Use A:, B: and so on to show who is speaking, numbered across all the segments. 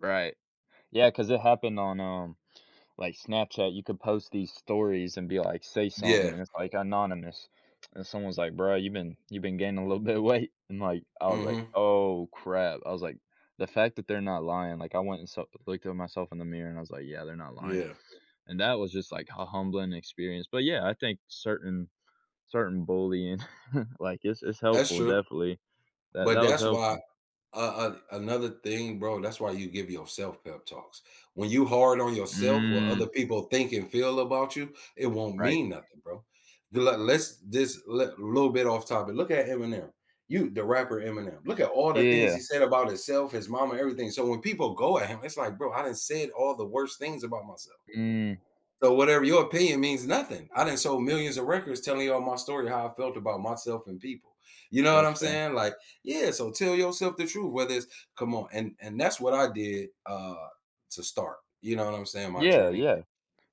A: Right. Yeah, 'cause it happened on, um, like Snapchat. You could post these stories and be like, "Say something,"
B: Yeah.
A: and it's like anonymous, and someone's like "Bro, you've been you've been gaining a little bit of weight," and, like, I was like,
B: Mhm.
A: "Oh, crap." I was, like, "The fact that they're not lying," like, I went and saw looked at myself in the mirror and I was like, "Yeah, they're not lying,"
B: Yeah.
A: and that was just, like, a humbling experience. But yeah, I think certain certain bullying, like, it's it's
B: That's
A: helpful,
B: true.
A: definitely. That
B: But
A: that was
B: that's why
A: helpful.
B: uh, uh, another thing, bro, that's why you give yourself pep talks. When you hard on yourself, what
A: Mm.
B: other people think and feel about you, it won't
A: Right.
B: mean nothing, bro. The le let's just let little bit off topic, look at Eminem, you the rapper Eminem, look at all
A: Yeah,
B: the
A: yeah,
B: things
A: yeah.
B: he said about himself, his mama, everything. So when people go at him, it's like, "Bro, I done said all the worst things about myself.
A: Mm.
B: So whatever your opinion means nothing, I done sold millions of records telling you all my story, how I felt about myself and people." You know
A: That
B: what
A: was
B: I'm
A: fair.
B: saying? Like, yeah, so tell yourself the truth, whether it's come on, and and that's what I did, uh, to start, you know what I'm saying? My
A: Yeah,
B: journey,
A: yeah.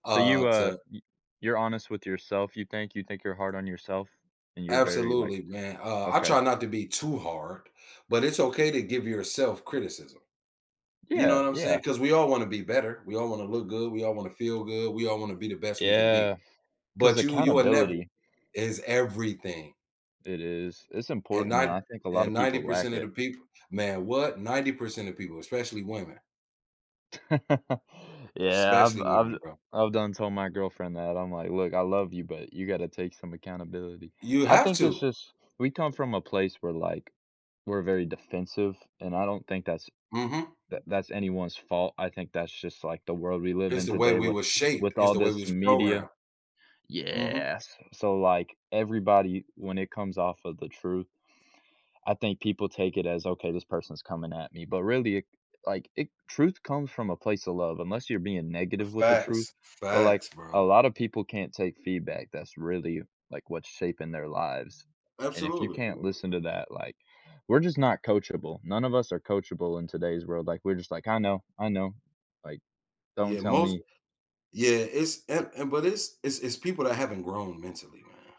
A: So
B: uh,
A: you, uh,
B: to
A: y you're honest with yourself, you think you think you're hard on yourself? And you're very like
B: Absolutely, man. Uh, I
A: Okay.
B: try not to be too hard, but it's okay to give yourself criticism, you know
A: Yeah,
B: what I'm
A: yeah.
B: saying? 'Cause we all wanna be better. We all wanna look good, we all wanna feel good, we all wanna be the best we can be.
A: Yeah, 'cause
B: But you you are never
A: accountability
B: It's everything.
A: It is. It's
B: And
A: important,
B: ni
A: and I think a lot
B: and
A: of
B: ninety
A: people lack
B: percent of the
A: it.
B: people man, what? 90% of people, especially women.
A: Yeah, I've
B: Especially
A: I've
B: women, bro.
A: I've done told my girlfriend that, I'm like, "Look, I love you, but you gotta take some accountability."
B: You
A: I
B: have
A: think it's
B: to.
A: just we come from a place where, like, we're very defensive, and I don't think that's
B: Mhm.
A: that that's anyone's fault, I think that's just like the world we live
B: It's
A: in
B: the way
A: today
B: we
A: with
B: was shaped,
A: with
B: it's
A: all
B: the way we
A: this
B: was
A: media.
B: programmed. Mhm.
A: Yes, so like everybody when it comes off of the truth, I think people take it as, "Okay this person's coming at me," but really, like, it truth comes from a place of love- unless you're being negative with the truth-
B: Facts.
A: but, like,
B: Facts,
A: a
B: bro.
A: lotta people can't take feedback that's really like what's shaping their lives, and if you
B: Absolutely.
A: can't listen to that, like, we're just not coachable, none of us are coachable in today's world, like, we're just like, "I know, I know," like, "Don't
B: Yeah,
A: tell
B: most
A: me."
B: yeah, it's and and, but it's it's it's people that haven't grown mentally, man.